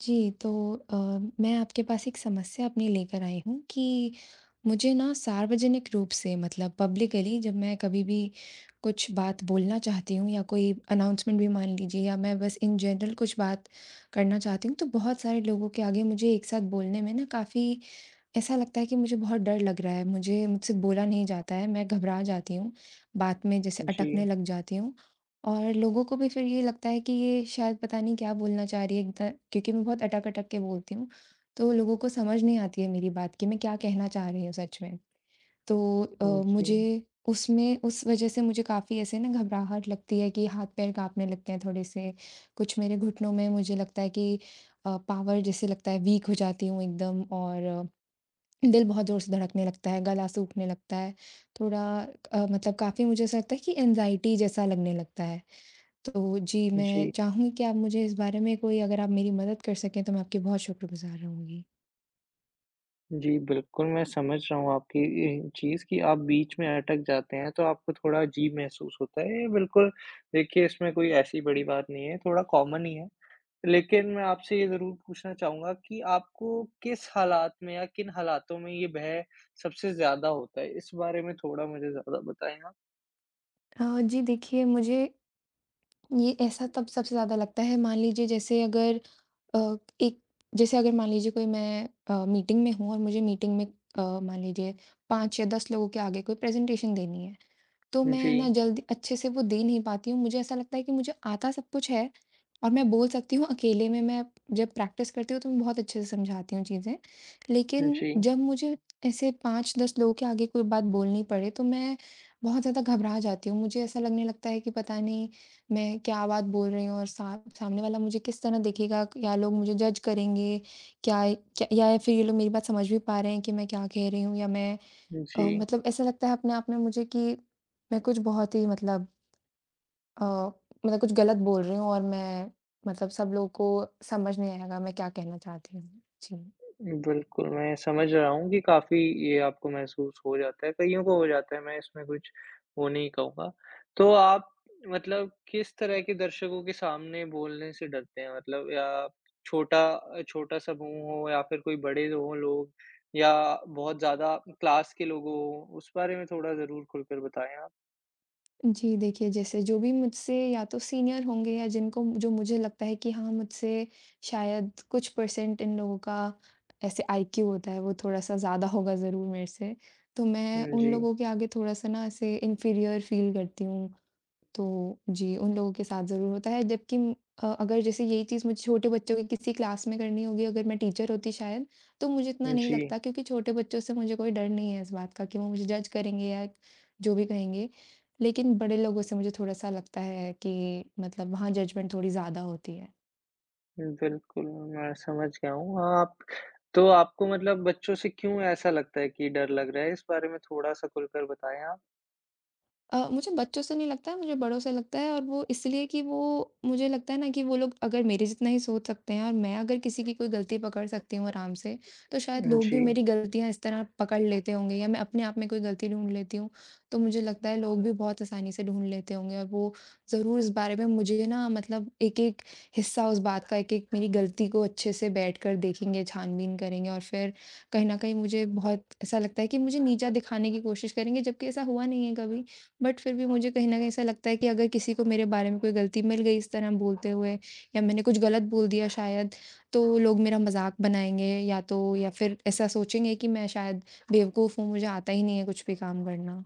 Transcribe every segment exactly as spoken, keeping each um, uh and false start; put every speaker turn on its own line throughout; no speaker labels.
जी, तो अ, मैं आपके पास एक समस्या अपनी लेकर आई हूँ कि मुझे ना सार्वजनिक रूप से मतलब पब्लिकली जब मैं कभी भी कुछ बात बोलना चाहती हूँ या कोई अनाउंसमेंट भी मान लीजिए या मैं बस इन जनरल कुछ बात करना चाहती हूँ तो बहुत सारे लोगों के आगे मुझे एक साथ बोलने में ना काफ़ी ऐसा लगता है कि मुझे बहुत डर लग रहा है, मुझे मुझसे बोला नहीं जाता है मैं घबरा जाती हूँ, बात में जैसे अटकने
जी।
लग जाती हूँ। और लोगों को भी फिर ये लगता है कि ये शायद पता नहीं क्या बोलना चाह रही है एक ध क्योंकि मैं बहुत अटक-अटक के बोलती हूँ तो लोगों को समझ नहीं आती है मेरी बात, कि मैं क्या कहना चाह रही हूँ सच में? तो अ,
हुँ, जी।
मुझे उसमें उस वज़ह से मुझे काफ़ी ऐसे ना घबराहट लगती है कि हाथ-पैर काँपने लगते हैं थोड़े-से, कुछ मेरे घुटनों में मुझे लगता है कि अ, पॉवर जैसे लगता है वीक हो जाती हूँ एकदम और दिल बहुत जोर-से धड़कने लगता है, गला सूखने लगता है, थोड़ा अ, मतलब काफ़ी मुझे ऐसा लगता है कि एंग्जायटी जैसा लगने लगता है। तो जी, मैं
जी।
चाहूँगी कि आप मुझे इस बारे में कोई अगर आप मेरी मदद कर सकें तो मैं आपकी बहुत शुक्रगुज़ार रहूँगी।
जी, बिल्कुल, मैं समझ रहा हूँ आपकी ये चीज़ कि आप बीच में अटक जाते हैं तो आपको थोड़ा अजीब महसूस होता है। ये बिल्कुल देखिए इसमें कोई ऐसी बड़ी बात नहीं है, थोड़ा कॉमन ही है। लेकिन मैं आपसे ये ज़रूर पूछना चाहूँगा कि आपको किस हालात में या किन हालातों में ये भय सबसे ज़्यादा होता है? इस बारे में थोड़ा मुझे ज़्यादा बताएँ आप।
अ, जी देखिए मुझे ये ऐसा तब सबसे ज़्यादा लगता है, मान लीजिए जैसे अगर अ, एक जैसे अगर मान लीजिए कोई मैं अ, मीटिंग में हूँ और मुझे मीटिंग में अ, मान लीजिए पाँच या दस लोगों के आगे कोई प्रेज़ेन्टेशन देनी है। तो मैं ना
जी।
जल्दी अच्छे से वो दे नहीं पाती हूँ। मुझे ऐसा लगता है कि मुझे आता सब कुछ है और मैं बोल सकती हूँ अकेले में मैं जब प्रैक्टिस करती हूँ तो मैं बहुत अच्छे से समझाती हूँ चीज़ें। लेकिन
जी।
जब मुझे ऐसे पाँच दस लोगों के आगे कोई बात बोलनी पड़े, तो मैं बहुत ज़्यादा घबरा जाती हूँ। मुझे ऐसा लगने लगता है कि पता नहीं मैं क्या बात बोल रही हूँ और सा सामने वाला मुझे किस तरह देखेगा। क्या लोग मुझे जज करेंगे क्या क या फिर ये लोग मेरी बात समझ भी पा रहे हैं कि मैं क्या कह रही हूँ या मैं अ,
जी।
मतलब ऐसा लगता है अपने आप में मुझे कि मैं कुछ बहुत ही मतलब अ, मतलब कुछ गलत बोल रही हूँ और मैं मतलब सब लोगों को समझ नहीं आएगा मैं क्या कहना चाहती हूँ। जी।
बिल्कुल, मैं समझ रहा हूँ कि काफ़ी ये आपको महसूस हो जाता है, कइयों को हो जाता है, मैं इसमें कुछ वो नहीं कहूँगा। तो आप मतलब किस तरह के दर्शकों के सामने बोलने से डरते हैं? मतलब या छोटा अ, छोटा समूह हो या फिर कोई बड़े हो लोग या बहुत ज़्यादा क्लास के लोग हो? उस बारे में थोड़ा ज़रूर खुलकर बताएँ आप।
जी, देखिए जैसे जो भी मुझसे या तो सीनियर होंगे या जिनको जो मुझे लगता है कि हाँ, मुझसे शायद कुछ परसेंट इन लोगों का ऐसे आईक्यू होता है वो थोड़ा-सा ज़्यादा होगा ज़रूर मेरे से तो मैं,
हुँ,
उन
जी।
लोगों के आगे थोड़ा-सा ना ऐसे इन्फीरियर फ़ील करती हूँ। तो जी, उन लोगों के साथ ज़रूर होता है जबकि अ, अगर जैसे यही चीज़ मुझे छोटे बच्चों की किसी क्लास में करनी होगी अगर मैं टीचर होती शायद, तो मुझे इतना नहीं
जी।
लगता क्योंकि छोटे बच्चों से मुझे कोई डर नहीं है इस बात का कि वो मुझे जज करेंगे या जो भी कहेंगे, लेकिन बड़े लोगों से मुझे थोड़ा-सा लगता है कि मतलब वहाँ जजमेंट थोड़ी ज़्यादा होती है।
बिल्कुल, मैं समझ गया हूँ आप तो आपको मतलब बच्चों से क्यों ऐसा लगता है कि डर लग रहा है? इस बारे में थोड़ा सा खुलकर बताएँ आप।
अ, मुझे बच्चों से नहीं लगता है मुझे बड़ों से लगता है और वो इसलिए कि वो, मुझे लगता है ना कि वो लोग अगर मेरे जितना ही सोच सकते हैं और मैं अगर किसी की कोई गलती पकड़ सकती हूँ आराम से, तो शायद लोग भी
जी।
मेरी गलतियाँ इस तरह पकड़ लेते होंगे या मैं अपने आप में कोई गलती ढूँढ लेती हूँ, तो मुझे लगता है लोग भी बहुत आसानी से ढूँढ लेते होंगे और वो ज़रूर इस बारे में मुझे ना मतलब एक एक हिस्सा उस बात का एक एक मेरी गलती को अच्छे से बैठकर देखेंगे छानबीन करेंगे और फिर, कहीं न कहीं मुझे बहुत ऐसा लगता है कि मुझे नीचा दिखाने की कोशिश करेंगे। जबकि ऐसा हुआ नहीं है कभी बट फिर भी मुझे कहीं न कहीं ऐसा लगता है कि अगर किसी को मेरे बारे में कोई गलती मिल गई इस तरह बोलते हुए या मैंने कुछ गलत बोल दिया शायद तो लोग मेरा मजाक बनाएँगे या तो या फिर ऐसा सोचेंगे कि मैं शायद बेवकूफ हूँ मुझे आता ही नहीं है कुछ भी काम करना।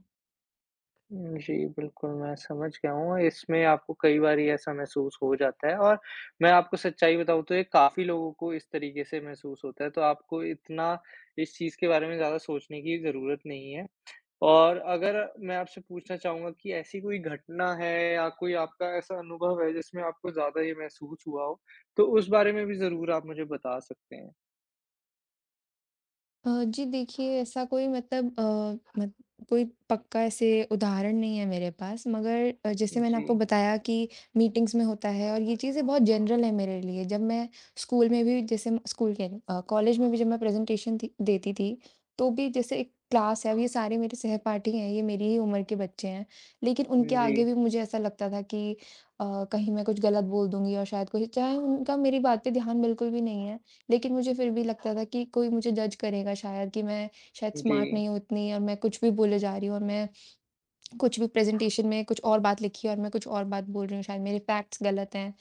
जी, बिल्कुल, मैं समझ गया हूँ इसमें आपको कई बार ही ऐसा महसूस हो जाता है और मैं आपको सच्चाई बताऊँ तो ये काफ़ी लोगों को इस तरीके से महसूस होता है तो आपको इतना इस चीज़ के बारे में ज़्यादा सोचने की ज़रूरत नहीं है और अगर मैं आपसे पूछना चाहूँगा कि ऐसी कोई घटना है या कोई आपका ऐसा अनुभव है जिसमें आपको ज़्यादा ये महसूस हुआ हो, तो उस बारे में भी ज़रूर आप मुझे बता सकते हैं?
अ, जी देखिए ऐसा कोई मतलब अ, म कोई पक्का ऐसे उदाहरण नहीं है मेरे पास। मगर अ, जैसे मैंने आपको
जी।
बताया कि मीटिंग्स में होता है और ये चीज़ें बहुत जनरल है मेरे लिए। जब मैं स्कूल में भी जैसे मैं स्कूल कह रही हूँ अ, कॉलेज में भी जब मैं प्रेज़न्टैशन थी देती थी, तो भी जैसे एक क्लास है अब ये सारे मेरे सहपाठी हैं, ये मेरी ही उम्र के बच्चे हैं। लेकिन उनके
उम,
आगे
जी।
भी मुझे ऐसा लगता था कि अ, कहीं मैं कुछ गलत बोल दूँगी और शायद कोई चाहे उनका मेरी बात पे ध्यान बिल्कुल भी नहीं है। लेकिन मुझे फिर भी लगता था कि कोई मुझे जज करेगा शायद कि मैं शायद स्मार्ट
जी।
नहीं हूँ उतनी और मैं कुछ भी बोले जा रही हूँ और मैं कुछ भी प्रेज़न्टैशन में कुछ और बात लिखी है और मैं कुछ और बात बोल रही हूँ, शायद मेरी फैक्ट्स गलत हैं।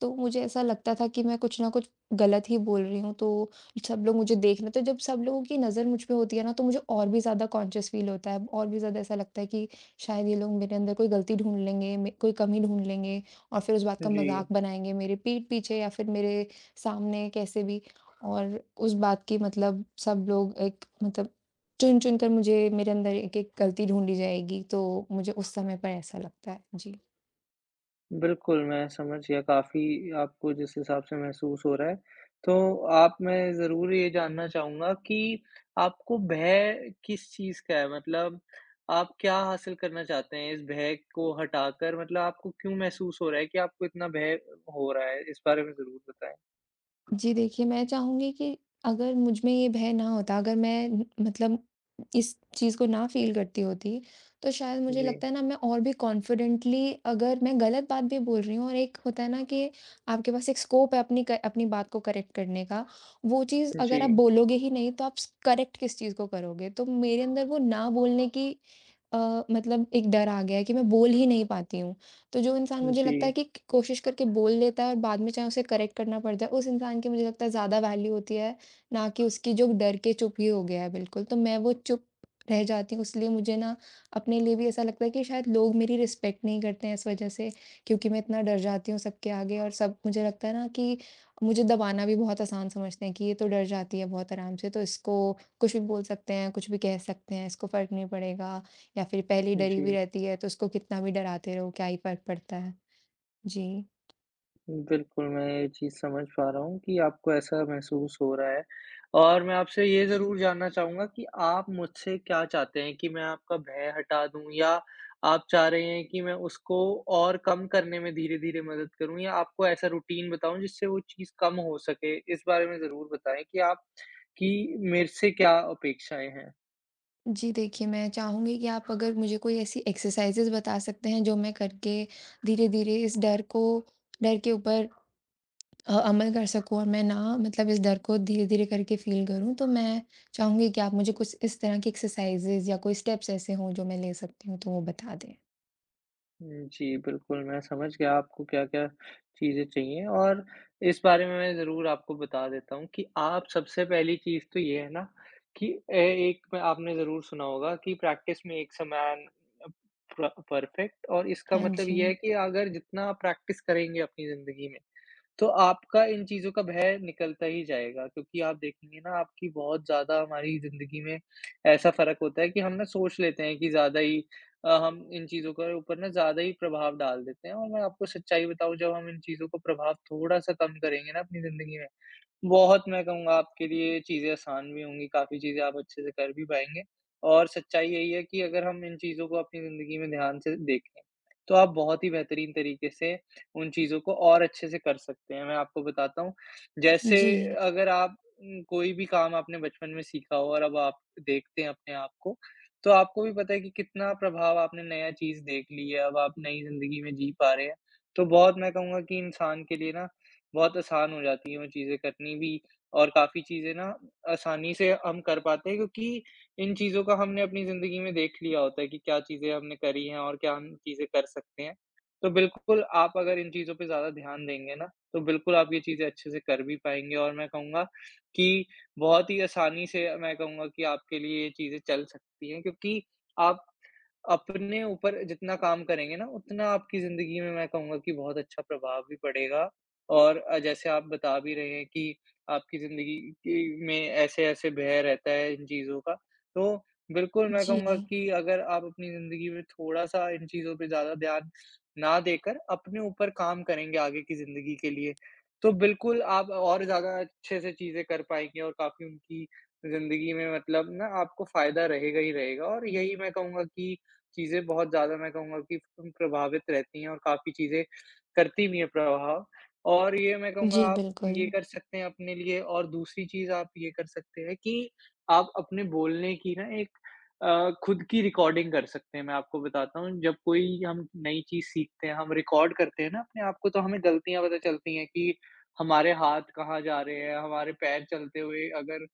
तो मुझे ऐसा लगता था कि मैं कुछ ना कुछ गलत ही बोल रही हूँ, तो सब लोग मुझे देख रहे तो जब सब लोगों की नज़र मुझ पे होती है ना तो मुझे और भी ज़्यादा कॉन्शियस फील होता है और भी ज़्यादा ऐसा लगता है कि शायद ये लोग मेरे अंदर कोई गलती ढूँढ लेंगे, म कोई कमी ढूँढ लेंगे और फिर उस बात का
जी।
मजाक बनाएँगे मेरे पीठ पीछे या फिर मेरे सामने कैसे भी और उस बात की मतलब सब लोग एक मतलब चुन चुनकर मुझे मेरे अंदर एक एक गलती ढूँढी जाएगी, तो मुझे उस समय पर ऐसा लगता है। जी
बिल्कुल मैं समझ गया, काफ़ी आपको जिस हिसाब से महसूस हो रहा है। तो आप मैं ज़रूर ये जानना चाहूँगा कि आपको भय किस चीज़ का है? मतलब आप क्या हासिल करना चाहते हैं इस भय को हटाकर मतलब आपको क्यों महसूस हो रहा है कि आपको इतना भय हो रहा है? इस बारे में ज़रूर बताएँ।
जी, देखिए, मैं चाहूँगी कि अगर मुझमें ये भय ना होता, अगर मैं मतलब इस चीज़ को ना फ़ील करती होती तो शायद मुझे
जी।
लगता है ना मैं और भी कॉन्फिडेंटली अगर मैं गलत बात भी बोल रही हूँ और एक होता है ना कि आपके पास एक स्कोप है अपनी क अपनी बात को करेक्ट करने का। वो चीज़ अगर आप
जी।
बोलोगे ही नहीं, तो आप करेक्ट किस चीज़ को करोगे, तो मेरे अंदर वो ना बोलने की अ, मतलब एक डर आ गया है कि मैं बोल ही नहीं पाती हूँ। तो जो इंसान मुझे लगता है
जी।
कि क कोशिश करके बोल लेता है और बाद में चाहे उसे करेक्ट करना पड़ जाए, उस इंसान की मुझे लगता है ज़्यादा वैल्यू होती है ना कि उसकी जो डर के चुप ही हो गया है बिल्कुल। तो मैं वो चुप रह जाती हूँ, इसलिए मुझे ना अपने लिए भी ऐसा लगता है कि शायद लोग मेरी रिस्पेक्ट नहीं करते हैं इस वजह से क्योंकि मैं इतना डर जाती हूँ सबके आगे और सब मुझे लगता है ना कि मुझे दबाना भी बहुत आसान समझते हैं कि ये तो डर जाती है बहुत आराम से तो इसको कुछ भी बोल सकते हैं, कुछ भी कह सकते हैं, इसको फ़र्क नहीं पड़ेगा या फिर पहले ही डरी हुई
जी।
रहती है, तो उसको कितना भी डराते रहो क्या ही फ़र्क पड़ता है। जी।
बिल्कुल, मैं ये चीज़ समझ पा रहा हूँ कि आपको ऐसा महसूस हो रहा है और मैं आपसे ये ज़रूर जानना चाहूँगा कि आप मुझसे क्या चाहते हैं कि मैं आपका भय हटा दूँ या आप चाह रहे हैं कि मैं उसको और कम करने में धीरे-धीरे मदद करूँ? या आपको ऐसा रूटीन बताऊँ जिससे वो चीज़ कम हो सके? इस बारे में ज़रूर बताएँ कि आप की मेरे से क्या अपेक्षाएँ हैं?
जी देखिए, मैं चाहूँगी कि आप अगर मुझे कोई ऐसी एक्सरसाइज़िज़ बता सकते हैं जो मैं करके धीरे-धीरे इस डर को डर के ऊपर अ, अमल कर सकूँ और मैं ना मतलब इस डर को धीरे-धीरे करके फील करूँ तो मैं चाहूँगी कि आप मुझे कुछ इस तरह की एक्सरसाइज़िज़ या कोई स्टेप्स ऐसे हो जो मैं ले सकती हूँ तो वो बता दें।
हुँ, जी बिल्कुल मैं समझ गया आपको क्या-क्या चीज़ें चाहिए और इस बारे में मैं ज़रूर आपको बता देता हूँ कि आप सबसे पहली चीज़ तो ये है ना कि ऐ एक आपने ज़रूर सुना होगा कि practice makes a man a प परफेक्ट और इसका
हाँ
मतलब यह है
जी।
कि अगर जितना प्रैक्टिस करेंगे अपनी ज़िंदगी में तो आपका इन चीज़ों का भय निकलता ही जाएगा क्योंकि आप देखेंगे ना आपकी बहुत ज़्यादा हमारी ज़िंदगी में ऐसा फ़र्क होता है कि हम ना सोच लेते हैं कि ज़्यादा ही अ, हम इन चीज़ों के ऊपर ना ज़्यादा ही प्रभाव डाल देते हैं और मैं आपको सच्चाई बताऊँ, जब हम इन चीज़ों को प्रभाव थोड़ा-सा कम करेंगे ना अपनी जिंदगी में, बहुत मैं कहूँगा आपके लिए चीज़ें आसान भी होंगी। काफ़ी चीज़ें आप अच्छे से कर भी पाएँगे और सच्चाई यही है कि अगर हम इन चीज़ों को अपनी ज़िंदगी में ध्यान से देखें, तो आप बहुत ही बेहतरीन तरीके से उन चीज़ों को और अच्छे से कर सकते हैं। मैं आपको बताता हूँ, जैसे
जी।
अगर आप उम, कोई भी काम आपने बचपन में सीखा हो और अब आप देखते हैं अपने आप को, तो आपको भी पता है कि कितना प्रभाव आपने नया चीज़ देख ली है। अब आप नई जिंदगी में जी पा रहे हैं, तो बहुत मैं कहूँगा कि इंसान के लिए ना बहुत आसान हो जाती है वो चीज़ें करनी भी और काफ़ी चीज़ें ना आसानी से हम कर पाते हैं क्योंकि इन चीज़ों को हमने अपनी ज़िंदगी में देख लिया होता है कि क्या चीज़ें हमने करी हैं और क्या हम चीज़ें कर सकते हैं। तो बिल्कुल आप अगर इन चीज़ों पे ज़्यादा ध्यान देंगे ना, तो बिल्कुल आप ये चीज़ें अच्छे से कर भी पाएँगे और मैं कहूँगा कि बहुत ही आसानी से मैं कहूँगा कि आपके लिए चीज़ें चल सकती हैं क्योंकि आप अपने ऊपर जितना काम करेंगे ना, उतना आपकी ज़िंदगी में मैं कहूँगा कि बहुत अच्छा प्रभाव भी पड़ेगा और अ, जैसे आप बता भी रहे हैं कि आपकी ज़िंदगी के में ऐसे-ऐसे भय रहता है इन चीज़ों का। तो बिल्कुल मैं कहूँगा
जी।
कि अगर आप अपनी ज़िंदगी में थोड़ा-सा इन चीज़ों पे ज़्यादा ध्यान ना देकर अपने ऊपर काम करेंगे आगे की ज़िंदगी के लिए, तो बिल्कुल आप और ज़्यादा अच्छे से चीज़ें कर पाएँगे और काफ़ी उनकी ज़िंदगी में मतलब ना आपको फ़ायदा रहेगा ही रहेगा और यही मैं कहूँगा कि चीज़ें बहुत ज़्यादा मैं कहूँगा कि उम प्रभावित रहती हैं और काफ़ी चीज़ें करती भी है प्रभाव और ये मैं कहूँगा
जी,
आप ये
बिल्कुल।
कर सकते हैं अपने लिए और दूसरी चीज़ आप ये कर सकते हैं कि आप अपने बोलने की ना एक अ, खुद की रिकॉर्डिंग कर सकते हैं, मैं आपको बताता हूँ जब कोई हम नई चीज़ सीखते हैं, हम रिकॉर्ड करते हैं ना अपने आप को तो हमें गलतियाँ पता चलती हैं कि हमारे हाथ कहाँ जा रहे हैं, हमारे पैर चलते हुए अगर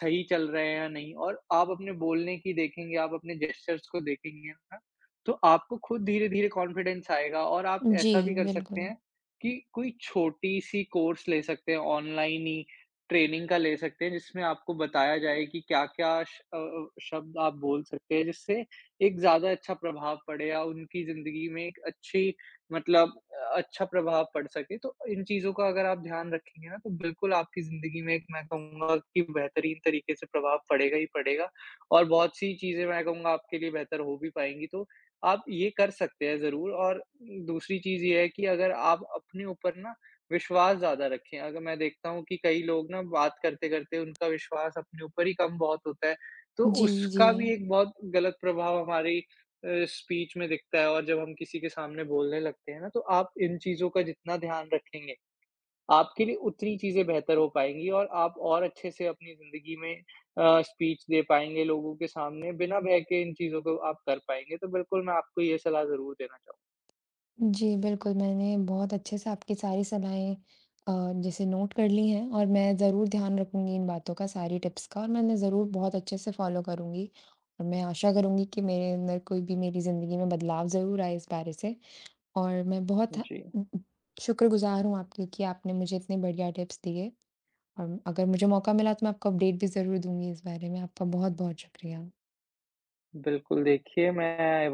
सही चल रहे हैं या नहीं, और आप अपने बोलने की देखेंगे, आप अपने जेस्चर्स को देखेंगे ना तो आपको खुद धीरे-धीरे कॉन्फिडेंस आएगा। और आप
जी,
ऐसा भी कर सकते
बिल्कुल।
हैं कि कोई छोटी सी कोर्स ले सकते हैं ऑनलाइन ही, ट्रेनिंग का ले सकते हैं जिसमें आपको बताया जाए कि क्या-क्या श अ, शब्द आप बोल सकते हैं जिससे एक ज़्यादा अच्छा प्रभाव पड़े या उनकी ज़िंदगी में एक अच्छी मतलब अ, अच्छा प्रभाव पड़ सके, तो इन चीज़ों का अगर आप ध्यान रखेंगे ना तो बिल्कुल आपकी ज़िंदगी में एक मैं कहूँगा कि बेहतरीन तरीके से प्रभाव पड़ेगा ही पड़ेगा और बहुत सी चीजें मैं कहूँगा आपके लिए बेहतर हो भी पाएँगी, तो आप ये कर सकते हैं ज़रूर और दूसरी चीज़ ये है कि अगर आप अपने ऊपर ना विश्वास ज़्यादा रखें। अगर मैं देखता हूँ कि कई लोग ना बात करते-करते उनका विश्वास अपने ऊपर ही कम बहुत होता है, तो
जी,
उसका भी
जी।
एक बहुत गलत प्रभाव हमारी अ, स्पीच में दिखता है और जब हम किसी के सामने बोलने लगते हैं ना तो आप इन चीज़ों का जितना ध्यान रखेंगे, आपके लिए उतनी चीज़ें बेहतर हो पाएँगी और आप और अच्छे से अपनी ज़िंदगी में अ, स्पीच दे पाएँगे लोगों के सामने। बिना भय के इन चीज़ों को आप कर पाएँगे तो बिल्कुल मैं आपको ये सलाह ज़रूर देना चाहूँगा।
जी बिल्कुल। मैंने बहुत अच्छे से आपकी सारी सलाहएँ अ, जैसे नोट कर ली हैं और मैं ज़रूर ध्यान रखूँगी इन बातों का, सारी टिप्स का और मैं इन्हें ज़रूर बहुत अच्छे से फॉलो करुँगी और मैं आशा करुँगी कि मेरे अंदर कोई भी मेरी ज़िंदगी में बदलाव ज़रूर आए इस बारे से और मैं बहुत थें
जी।
शुक्रगुजार हूँ आपकी कि आपने मुझे इतनी बढ़िया टिप्स दिए और अगर मुझे मौका मिला तो मैं आपको अपडेट भी ज़रूर दूँगी इस बारे में, आपका बहुत-बहुत शुक्रिया।
बिल्कुल, देखिए मैं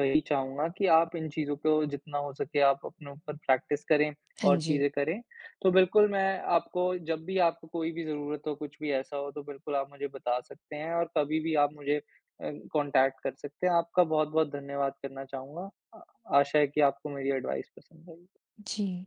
वही चाहूँगा कि आप इन चीज़ों को जितना हो सके आप अपने ऊपर प्रैक्टिस करें और
हाँ जी।
चीज़ें करें। तो बिल्कुल मैं आपको जब भी आपको कोई भी ज़रूरत हो, कुछ भी ऐसा हो तो बिल्कुल आप मुझे बता सकते हैं और कभी भी आप मुझे अ, कॉन्टैक्ट कर सकते हैं, आपका बहुत-बहुत धन्यवाद करना चाहूँगा। आशा है कि आपको मेरी एडवाइस पसंद आई।
जी।